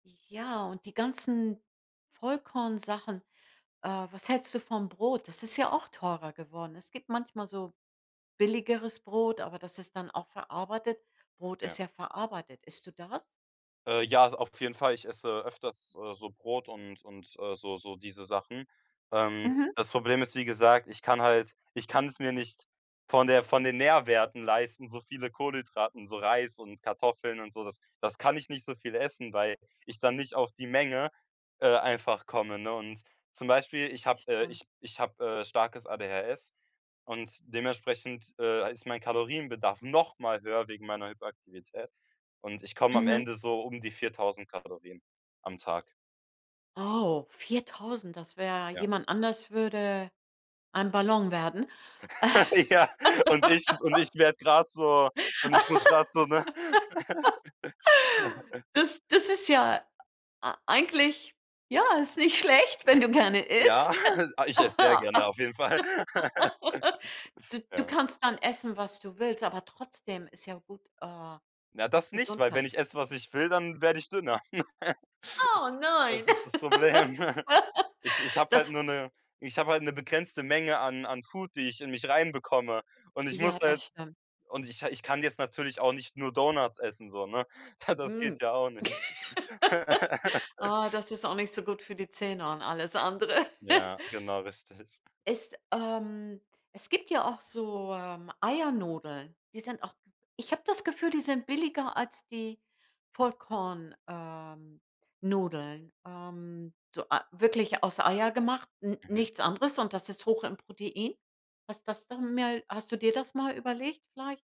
Ja, und die ganzen Vollkornsachen. Äh, was hältst du vom Brot? Das ist ja auch teurer geworden. Es gibt manchmal so billigeres Brot, aber das ist dann auch verarbeitet. Brot Ja. ist ja verarbeitet. Isst du das? Äh, ja, auf jeden Fall, ich esse öfters, äh, so Brot und und, äh, so so diese Sachen. Ähm, Mhm. das Problem ist, wie gesagt, ich kann halt ich kann es mir nicht von der von den Nährwerten leisten, so viele Kohlenhydrate und so Reis und Kartoffeln und so, das das kann ich nicht so viel essen, weil ich dann nicht auf die Menge, äh, einfach komme, ne? Und zum Beispiel ich habe äh, Stimmt. ich ich hab, äh, starkes ADHS und dementsprechend, äh, ist mein Kalorienbedarf noch mal höher wegen meiner Hyperaktivität und ich komme am Mhm. Ende so um die 4.000 Kalorien am Tag. Oh, 4.000, das wär Ja. jemand anders würde ein Ballon werden. Ja, und ich und ich werde grad so und ich muss grad so, ne Das das ist ja ei eigentlich ja, ist nicht schlecht, wenn du gerne Ja, isst. ich ess sehr gerne auf jeden Fall. Du du Ja. kannst dann essen, was du willst, aber trotzdem ist ja gut, äh, Na, auf das nicht, weil Gesundheit wenn ich esse, was ich will, dann werde ich dünner. Oh nein. Das ist das Problem. Ich ich hab halt Das nur 'ne ich hab halt 'ne begrenzte Menge an an Food, die ich in mich reinbekomme. Und ich muss Ja, halt das stimmt. und ich ha ich kann jetzt natürlich auch nicht nur Donuts essen so, ne? Das geht Mhm. ja auch nicht. Ah, das ist auch nicht so gut für die Zähne und alles andere. Ja, genau, richtig. Es, ähm es gibt ja auch so, ähm, Eiernudeln. Die sind auch ich habe das Gefühl, die sind billiger als die Vollkorn ähm, nudeln. Ähm, so ei wirklich aus Eier gemacht, n Mhm. nichts anderes und das ist hoch im Protein. Passt das dann mehr hast du dir das mal überlegt, vielleicht?